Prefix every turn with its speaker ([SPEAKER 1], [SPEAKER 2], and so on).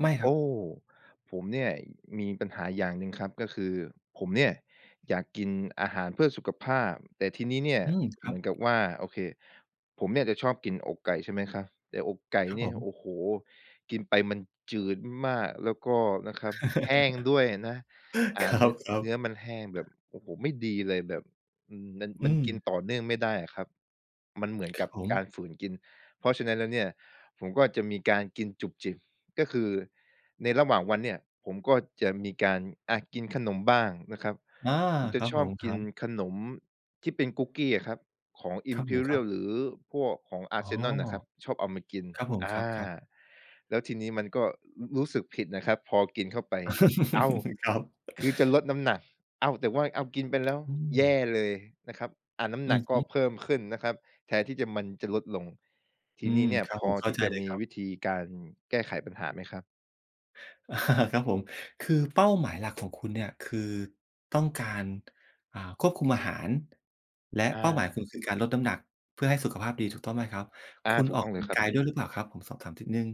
[SPEAKER 1] ไม่ค
[SPEAKER 2] โ
[SPEAKER 1] ร
[SPEAKER 2] อ
[SPEAKER 1] ับ
[SPEAKER 2] ้ ผมเนี่ยมีปัญหาอย่างหนึ่งครับ ก็คือผมเนี่ยอยากกินอาหารเพื่อสุขภาพ แต่ทีนี้เนี่ย
[SPEAKER 1] อืม ค
[SPEAKER 2] เ
[SPEAKER 1] รั
[SPEAKER 2] หม
[SPEAKER 1] บ
[SPEAKER 2] ือนกับว่า โอเค ผมเนี่ยจะชอบกินอกไก่ ใช่ไหมครับ แต่อกไก่
[SPEAKER 1] ครับ
[SPEAKER 2] เนี
[SPEAKER 1] ผ
[SPEAKER 2] ่ย
[SPEAKER 1] ม
[SPEAKER 2] โอ้โฮ กินไปมันจืดมาก แล้วก็นะครับแห้งด้วยนะ อ่
[SPEAKER 1] ค
[SPEAKER 2] า
[SPEAKER 1] ร
[SPEAKER 2] เนื้อ
[SPEAKER 1] ับ
[SPEAKER 2] เน
[SPEAKER 1] ๆ
[SPEAKER 2] ื้อมันแห้งแบบ โอ้โฮ ไม่ดีเลยแบบ อือ มัน
[SPEAKER 1] อื
[SPEAKER 2] มันกิ
[SPEAKER 1] ม
[SPEAKER 2] นต่อเนื่องไม่ได้อะครับ มันเหมือน
[SPEAKER 1] ค
[SPEAKER 2] ก
[SPEAKER 1] รั
[SPEAKER 2] ับ
[SPEAKER 1] บผม
[SPEAKER 2] การฝืนกิน เพราะฉะนั้นแล้วเนี่ย ผมก็จะมีการกินจุบจิบ ก็คือในระหว่างวันเนี่ยผมก็จะมีการอะกินขนมบ้างนะครับ
[SPEAKER 1] อา
[SPEAKER 2] ผมจ
[SPEAKER 1] ค
[SPEAKER 2] ะ
[SPEAKER 1] รับ
[SPEAKER 2] ช
[SPEAKER 1] ผ
[SPEAKER 2] อบ
[SPEAKER 1] ม ค
[SPEAKER 2] ก
[SPEAKER 1] ร
[SPEAKER 2] ิ
[SPEAKER 1] ั
[SPEAKER 2] น
[SPEAKER 1] บ
[SPEAKER 2] ขนมที่เป็นคุกกี้อะครับ ของอ
[SPEAKER 1] ค
[SPEAKER 2] ิ
[SPEAKER 1] ร
[SPEAKER 2] ม
[SPEAKER 1] ับ
[SPEAKER 2] พ
[SPEAKER 1] ผ
[SPEAKER 2] ี
[SPEAKER 1] ม
[SPEAKER 2] เร
[SPEAKER 1] ค
[SPEAKER 2] ี
[SPEAKER 1] รั
[SPEAKER 2] ยล
[SPEAKER 1] บ
[SPEAKER 2] หรือพวกของอา
[SPEAKER 1] อ๋
[SPEAKER 2] ร
[SPEAKER 1] อ
[SPEAKER 2] ์เซนอลน่ะครับ ชอบเอามากิน
[SPEAKER 1] ครับผม
[SPEAKER 2] อ
[SPEAKER 1] คร
[SPEAKER 2] า
[SPEAKER 1] ับ ๆ
[SPEAKER 2] แล้วทีนี้มันก็ ร รู้สึกผิดนะครับ พอกินเข้าไป อ้าว
[SPEAKER 1] ครับ
[SPEAKER 2] คือจะลดน้ำหนัก อ้าว แต่ว่า อ้าว กินไปแล้ว
[SPEAKER 1] อื
[SPEAKER 2] แย
[SPEAKER 1] ม
[SPEAKER 2] ่เลยนะครับ อ่า น้ำ
[SPEAKER 1] อื
[SPEAKER 2] หนั
[SPEAKER 1] อ
[SPEAKER 2] ก
[SPEAKER 1] ฮ
[SPEAKER 2] ก็
[SPEAKER 1] ึ
[SPEAKER 2] เพิ่มขึ้นนะครับ แทนที่จะ มันจะลดลง ท
[SPEAKER 1] อ
[SPEAKER 2] ี
[SPEAKER 1] ื
[SPEAKER 2] ่นี้
[SPEAKER 1] ม
[SPEAKER 2] เนี่ย
[SPEAKER 1] ครับ
[SPEAKER 2] พ
[SPEAKER 1] ผ
[SPEAKER 2] อ
[SPEAKER 1] ม เข้
[SPEAKER 2] ท
[SPEAKER 1] า
[SPEAKER 2] ี่
[SPEAKER 1] ใจ
[SPEAKER 2] จะ
[SPEAKER 1] เลย
[SPEAKER 2] มี
[SPEAKER 1] ครับ
[SPEAKER 2] วิธีการแก้ไขปัญหาไหมครับ?
[SPEAKER 1] ครับผม คือเป้าหมายหลัก ของคุณเนี่ย คือต้องการ อ่า ควบคุมอาหาร และ
[SPEAKER 2] อ
[SPEAKER 1] เป้าหมายคุ
[SPEAKER 2] า
[SPEAKER 1] ณคือการลดน้ำหนักเพื่อให้สุขภาพดี ถูกต้องไหมครับ?
[SPEAKER 2] อ
[SPEAKER 1] ค
[SPEAKER 2] า
[SPEAKER 1] ุณ
[SPEAKER 2] ถู
[SPEAKER 1] อ
[SPEAKER 2] ก
[SPEAKER 1] อก
[SPEAKER 2] ต้อ
[SPEAKER 1] ก
[SPEAKER 2] งเล
[SPEAKER 1] ำลั
[SPEAKER 2] ย
[SPEAKER 1] ง
[SPEAKER 2] ครั
[SPEAKER 1] ก
[SPEAKER 2] บ
[SPEAKER 1] ายด้วยหรือเปล่าครับ? ผมสอบถามทิดหนึ่ง